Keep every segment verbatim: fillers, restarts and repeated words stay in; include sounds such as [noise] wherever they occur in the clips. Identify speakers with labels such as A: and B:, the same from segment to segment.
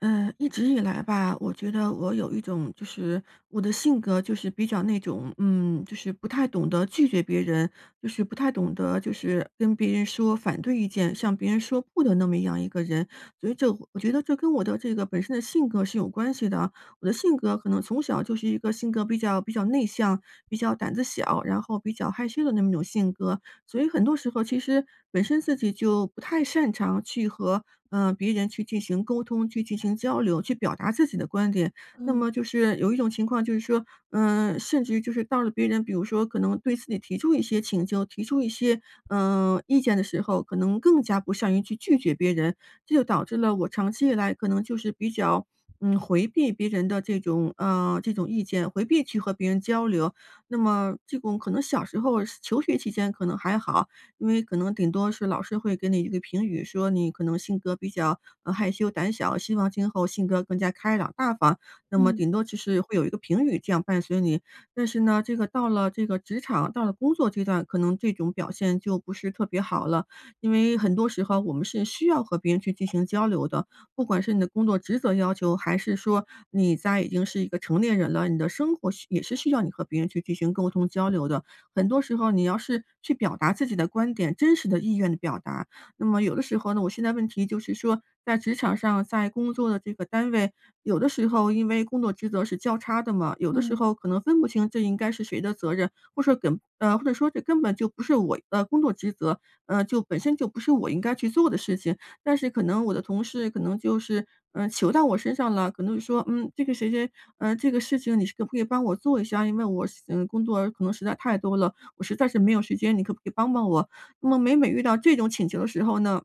A: 呃，一直以来吧，我觉得我有一种，就是我的性格就是比较那种，嗯，就是不太懂得拒绝别人，就是不太懂得就是跟别人说反对意见，向别人说不的那么样一个人。所以这我觉得这跟我的这个本身的性格是有关系的，我的性格可能从小就是一个性格比较比较内向、比较胆子小，然后比较害羞的那么一种性格。所以很多时候其实本身自己就不太擅长去和，呃，别人去进行沟通、去进行交流、去表达自己的观点。那
B: 嗯。
A: 么就是有一种情况就是说，嗯，甚至于就是到了别人比如说可能对自己提出一些请求、提出一些，嗯，意见的时候，可能更加不善于去拒绝别人。这就导致了我长期以来可能就是比较，嗯，回避别人的这种嗯，这种意见，回避去和别人交流。那么这种可能小时候求学期间可能还好，因为可能顶多是老师会给你一个评语，说你可能性格比较，呃，害羞胆小，希望今后性格更加开朗大方，那么
B: 嗯。
A: 顶多就是会有一个评语这样伴随你。但是呢，这个到了这个职场，到了工作阶段，可能这种表现就不是特别好了，因为很多时候我们是需要和别人去进行交流的，不管是你的工作职责要求，还是说你在已经是一个成年人了，你的生活需也是需要你和别人去进行沟通交流的。很多时候你要是去表达自己的观点，真实的意愿的表达。那么有的时候呢，我现在问题就是说在职场上，在工作的这个单位，有的时候因为工作职责是交叉的嘛，有的时
B: 嗯。
A: 候可能分不清这应该是谁的责任，或者说根呃，或者这根本就不是我的工作职责，嗯，就本身就不是我应该去做的事情。但是可能我的同事可能就是，嗯，求到我身上了，可能就说，嗯，这个谁谁，呃，这个事情你可不可以帮我做一下，因为我实呃，工作可能实在太多了，我实在是没有时间，你可不可以帮帮我？那么每每遇到这种请求的时候呢，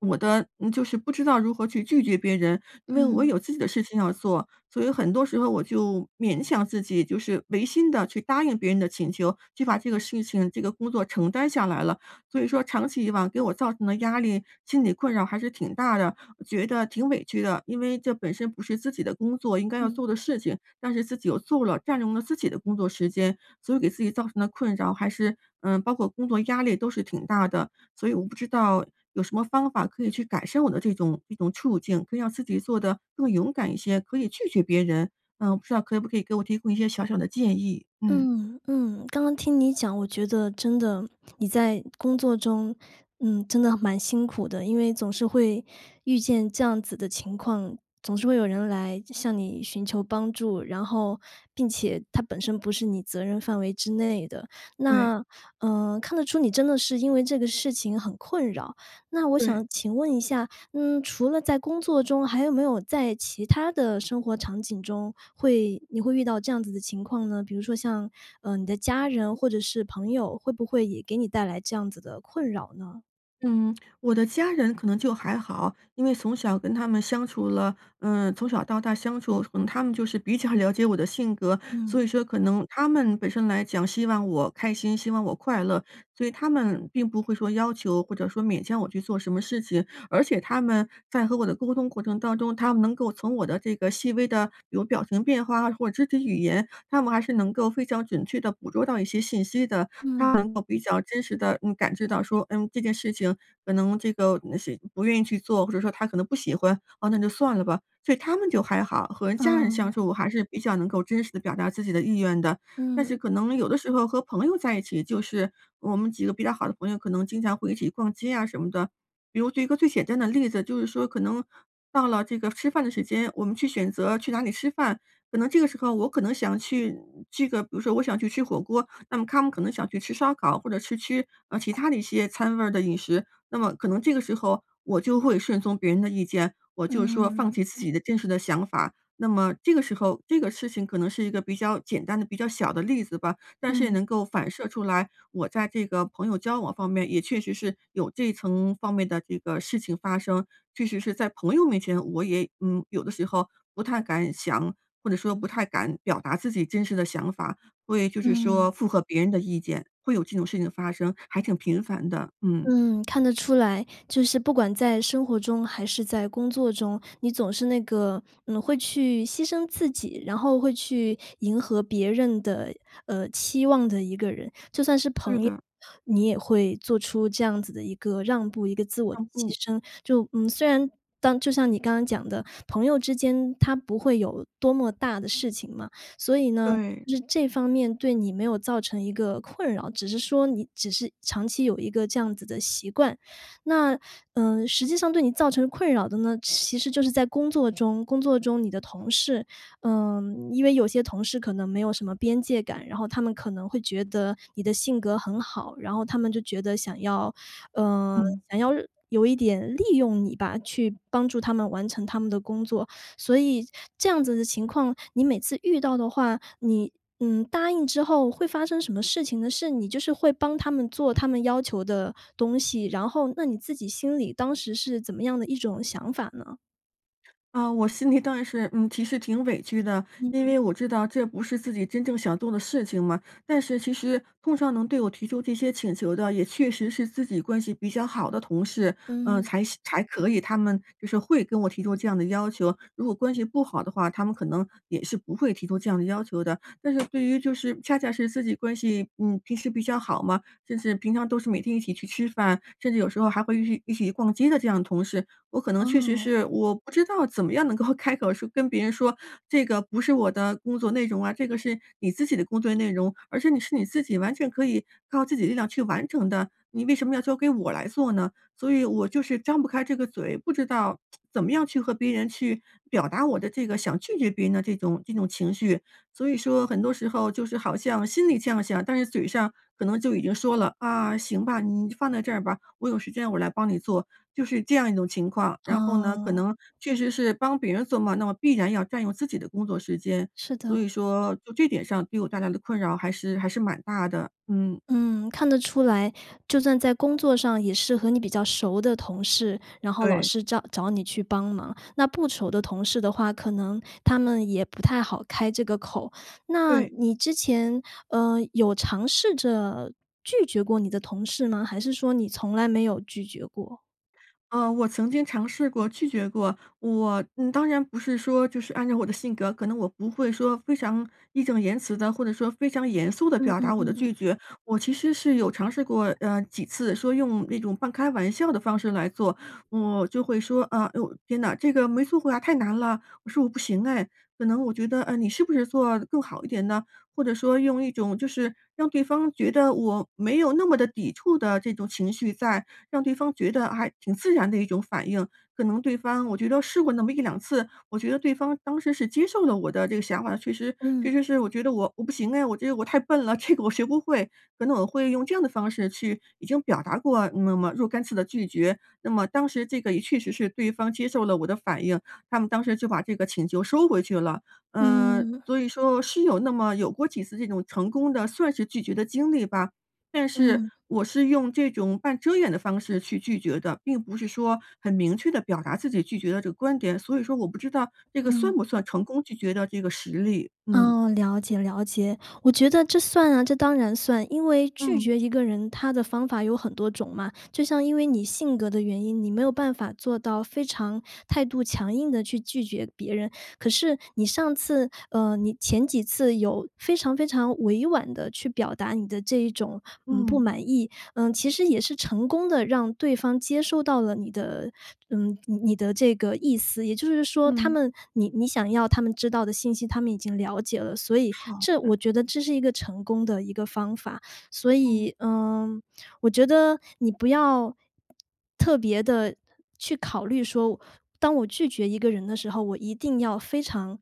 A: 我的呃，就是不知道如何去拒绝别人，因为我
B: 嗯。
A: 有自己的事情要做，所以很多时候我就勉强自己，就是违心地去答应别人的请求，去把这个事情、这个工作承担下来了。所以说长期以往，给我造成的压力、心理困扰还是挺大的，我觉得挺委屈的，因为这本身不是自己的工作应该要
B: 嗯。
A: 做的事情，但是自己又做了，占用了自己的工作时间，所以给自己造成的困扰还是嗯，包括工作压力都是挺大的。所以我不知道，有什么方法可以去改善我的这种一种处境，可以让自己做得更勇敢一些，可以拒绝别人。嗯，不知道可不可以给我提供一些小小的建议？嗯。
B: 嗯，嗯，刚刚听你讲，我觉得真的，你在工作中，嗯，真的蛮辛苦的，因为总是会遇见这样子的情况，总是会有人来就向你寻求帮助，然后并且它本身不是你责任范围之内的。
A: 对。
B: 那呃，看得出你真的是因为这个事情很困扰。那我
A: 对。
B: 想请问一下，嗯，除了在工作中，还有没有在其它的生活场景中，会你会遇到这样子的情况呢？比如说像，呃，你的家人或者是朋友，会不会也给你带来这样子的困扰呢？
A: 嗯，我的家人可能就还好，因为从小跟他们相处了，嗯，从小到大相处，可能他们就是比较了解我的性格。所以
B: 嗯。
A: 说可能他们本身来讲，希望我开心，希望我快乐，所以他们并不会说，要求或者说勉强我去做什么事情。而且他们在和我的沟通过程当中，他们能够从我的这个细微的比如表情变化或肢体语言，他们还是能够非常准确地捕捉到一些信息的，他
B: 嗯。
A: 们能够比较真实地，嗯，感知到说，嗯，这件事情可能这个，呃，是不愿意去做，或者说我可能不喜欢，哦，那就算了吧。所以他们就还好，和家人相
B: 啊。
A: 处我还是比较能够真实地表达自己的意愿的。但是
B: 嗯。
A: 可能有的时候和朋友在一起，就是我们几个比较好的朋友，可能经常会一起逛街啊什么的。比如举一个最简单的例子，就是说可能到了这个吃饭的时间，我们去选择去哪里吃饭，可能这个时候我可能想去这个，比如说我想去吃火锅，那么他们可能想去吃烧烤，或者去吃，呃，其它的一些餐味儿的饮食。那么可能这个时候我就会顺从别人的意见，我就说放
B: 嗯。
A: 弃自己的真实想法。那么这个时候这个事情可能是一个比较简单的、比较小的例子吧，但是也
B: 嗯。
A: 能够反射出来，我在这个朋友交往方面，也确实是有这层方面的这个情况发生。确实是在朋友面前，我也嗯，有的时候不太敢想，或者说不太敢表达自己真实的想法，所以就是
B: 嗯。
A: 说会符合别人的意见，会有这种事情的发生，还挺频繁的，嗯。
B: 嗯，看得出来，就是不管在生活中还是在工作中，你总是那个，嗯，会去牺牲自己，然后会去迎合别人的，呃，期望的一个人。就算是
A: 对的。
B: 朋友，你也会做出这样子的一个让步，一个自我牺
A: 啊，不。
B: 牲。就，嗯，虽然当就像你刚刚讲的，朋友之间，它不会有多么大的事情嘛，所以呢，
A: 对。
B: 就是这方面对你没有造成一个困扰，只是说你只是长期有一个这样子的习惯。那，呃，实际上对你造成困扰的呢，其实就是在工作中。工作中你的同事，呃，因为有些同事可能没有什么边界感，然后他们可能会觉得你的性格很好，然后他们就觉得想要呃，
A: 嗯。
B: 想要有一点利用你吧，去帮助他们完成他们的工作。所以这样子的情况，你每次遇到的话，你，嗯，答应之后会发生什么事情呢？是，你就是会帮他们做他们要求的东西，然后那你自己心里当时是怎么样的一种想法呢？
A: 啊，我心里当然是，嗯其实挺委屈的，因
B: 嗯。
A: 为我知道这不是自己真正想做的事情嘛，但是其实碰上能对我提出这些请求的，也确实是自己关系比较好的同事，呃，
B: 嗯。
A: 才行才可以，他们就是会跟我提出这样的要求，如果关系不好的话，他们可能也是不会提出这样的要求的。但是对于就是恰恰是自己关系，嗯，平时比较好嘛，就是平常都是每天一起去吃饭，甚至有时候还会一起一起逛街的这样的同事，我可能确实
B: 哦。
A: 是我不知道怎么样能够开口说跟别人说，这个不是我的工作内容啊，这个是你自己的工作内容，而且你是你自己完全可以靠自己力量去完成的，你为什么要交给我来做呢？所以我就是张不开这个嘴，不知道 [tsk] 怎么样去和别人去表达我的这个想拒绝别人的这种这种情绪，所以说很多时候就是好像心里这样想，但是嘴上可能就已经说了：”啊，行吧，你就放在这儿吧，我有时间我来帮你做，“就是这样一种情况。然后呢，可
B: 哦。
A: 能确实是帮别人做嘛，那么必然要占用自己的工作时间，
B: 是
A: 所
B: 的。
A: 以说就这点上给我带来的困扰还是还是蛮大的，嗯。
B: 嗯，看得出来，就算在工作上也是和你比较熟的同事，然后老
A: 对。
B: 是找找你去帮忙，那不熟的同事的话，可能他们也不太好开这个口。那
A: 对。
B: 你之前，呃，有尝试着拒绝过你的同事吗？还是说你从来没有拒绝过。
A: 呃，我曾经尝试过拒绝过，我嗯，当然不是说就是按照我的性格，可能我不会说非常义正言辞的，或者说非常严肃的
B: 嗯
A: 表达
B: 嗯
A: 我的
B: 嗯。
A: 拒绝，我其实是有尝试过，呃，几次说用那种半开玩笑的方式来做。我就会说：“啊，天呐，这个没做过呀太难了，我说我不行唉，可能我觉得，呃，你是不是做更好一点呢？”或者说用一种就是让对方觉得我没有那么的抵触的这种情绪在，让对方觉得还挺自然的一种反应，可能对方我觉得试过那么一两次，我觉得对方当时是接受了我的这个想法。其实其
B: 嗯。
A: 实是我觉得我我不行唉，我觉得我太笨了，这个我学不会，可能我会用这样的方式去已经表达过那么若干次的拒绝。那么当时这个也确实是对方接受了我的反应，他们当时就把这个请求收回去了。嗯，
B: 嗯。
A: 所以说是有那么有过几次这种成功的算是拒绝的经历吧，但是
B: 嗯。
A: 我是用这种半遮掩的方式去拒绝的，并不是说很明确的表达自己拒绝的这个观点，所以说我不知道这个算
B: 嗯。
A: 不算成功拒绝的这个实例？嗯。
B: 哦，了解了解，我觉得这算啊，这当然算。因为拒
A: 嗯。
B: 绝一个人，它的方法有很多种嘛，就像因为你性格的原因，你没有办法做到非常态度强硬地去拒绝别人，可是你上次呃，你前几次有非常非常委婉地去表达你的这一种，嗯，不
A: 嗯。
B: 满意，呃，其实也是成功的让对方接受到了你的嗯，你的这个意思。也就是说他
A: 嗯。
B: 们你你想要他们知道的信息，他们已经了解了，所以
A: 好
B: 这，
A: 的。
B: 我觉得这是一个成功的一个方法。所
A: 嗯。
B: 以，呃，我觉得你不要特别地去考虑说，当我拒绝一个人的时候，我一定要非常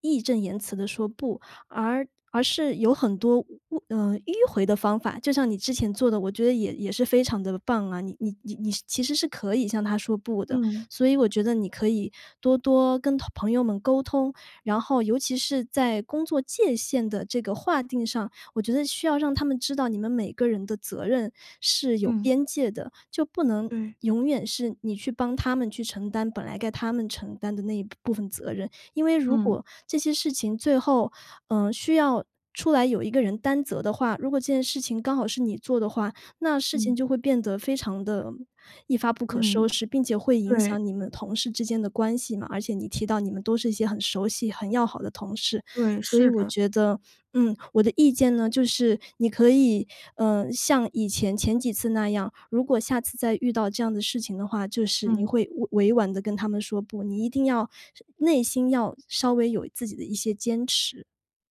B: 义正言辞地说不，而而是有很多，呃，迂回的方法。就像你之前做的，我觉得也也是非常的棒啊，你你你你其实是可以向他说不的，
A: 嗯。
B: 所以我觉得你可以多多跟朋友们沟通，然后尤其是在工作界限的这个划定上，我觉得需要让他们知道你们每个人的责任是有
A: 嗯。
B: 边界的。就不能
A: 对。
B: 永远是你去帮他们去承担本来该他们承担的那一部分责任，因为如
A: 嗯。
B: 果这些事情最后，呃，需要出来有一个人担责的话，如果这件事情刚好是你做的话，那事情
A: 嗯。
B: 就会变得非常的，一发不可收
A: 嗯，
B: 拾，并且会影
A: 对。
B: 响你们同事之间的关系嘛，而且你提到你们都是一些很熟悉很要好的同事。
A: 对，
B: 所以
A: 是
B: 我
A: 的。
B: 觉得嗯，我的意见呢就是，你可以，呃，像以前，前几次那样，如果下次再遇到这样的事情的话，就是你
A: 嗯。
B: 会委委婉地跟他们说不，你一定要内心要，稍微有自己的一些坚持。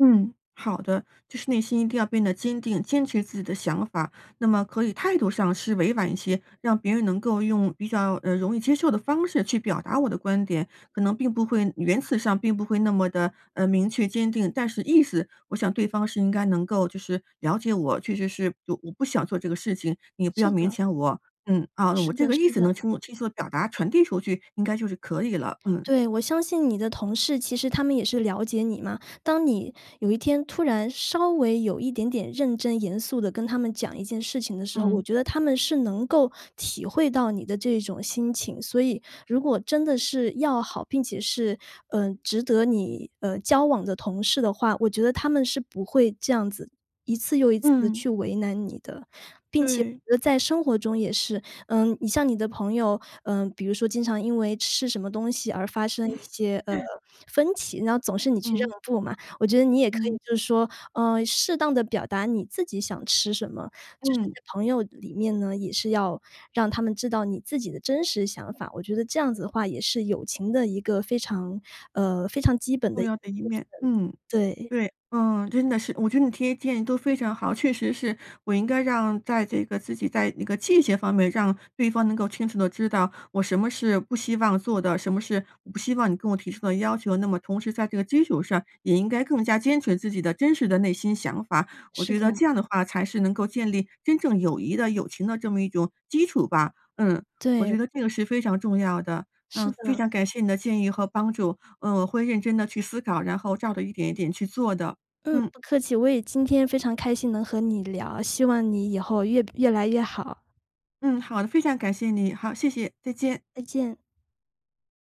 A: 嗯，好的，就是内心一定要变得坚定，坚持自己的想法，那么可以态度上是委婉一些，让别人能够用比较，呃，容易接受的方式去表达我的观点。可能并不会员辞上并不会那么地，呃，明确坚定。但是意思我想对方是应该能够就是了解我，确实是我不想做这个事情，你不要
B: 是
A: 勉
B: 的。
A: 强我，嗯，啊，我
B: 是
A: 这
B: 的
A: 个意
B: 是
A: 思
B: 的。
A: 能清楚清楚表达、传递出去，应该就是可以了，嗯。
B: 对，我相信你的同事，其实他们也是了解你嘛，当你有一天突然稍微有一点点认真严肃地跟他们讲一件事情的时候，我
A: 嗯。
B: 觉得他们是能够体会到你的这种心情。所以如果真的是要好，并且是，呃，值得你，呃，交往的同事的话，我觉得他们是不会这样子一次又一次地
A: 嗯。
B: 去为难你的。并且
A: 对。
B: 我觉得在生活中也是，呃，你像你的朋友，呃，比如说经常因为吃什么东西而发生一些，呃，
A: [chuckles]
B: 分歧，然后总是你去让
A: 嗯。
B: 步嘛，我觉得你也可
A: 嗯。
B: 以就是说，呃，适当地表达你自己想吃什么，就是
A: 嗯。
B: 在朋友里面呢，也是要让他们知道你自己的真实想法。我觉得这样子的话也是友情的一个非常呃，非常基本的
A: 重
B: 一部
A: 要的一面，嗯，
B: 分，对。
A: 对。嗯，真的是。我觉得你提的建议都非常好，确实是，我应该让在这个自己在那个界限方面，让对方能够清楚地知道我什么是不希望做的，什么是我不希望你跟我提出的要求，那么同时在这个基础上也应该更加坚持自己的真实的内心想法，我
B: 是
A: 觉得这
B: 的。
A: 样的话才是能够建立真正友谊的、友情的这么一种基础吧。嗯，我
B: 对。
A: 觉得这个是非常重要的，
B: 是
A: 嗯，非
B: 的。
A: 常感谢你的建议和帮助，呃，我会认真地去思考，然后照着一点一点去做的。
B: 嗯，
A: 嗯。
B: 不客气，我也今天非常开心能和你聊，希望你以后越越来越好。
A: 嗯，好的，非常感谢你。好，谢谢，再见。
B: 再见。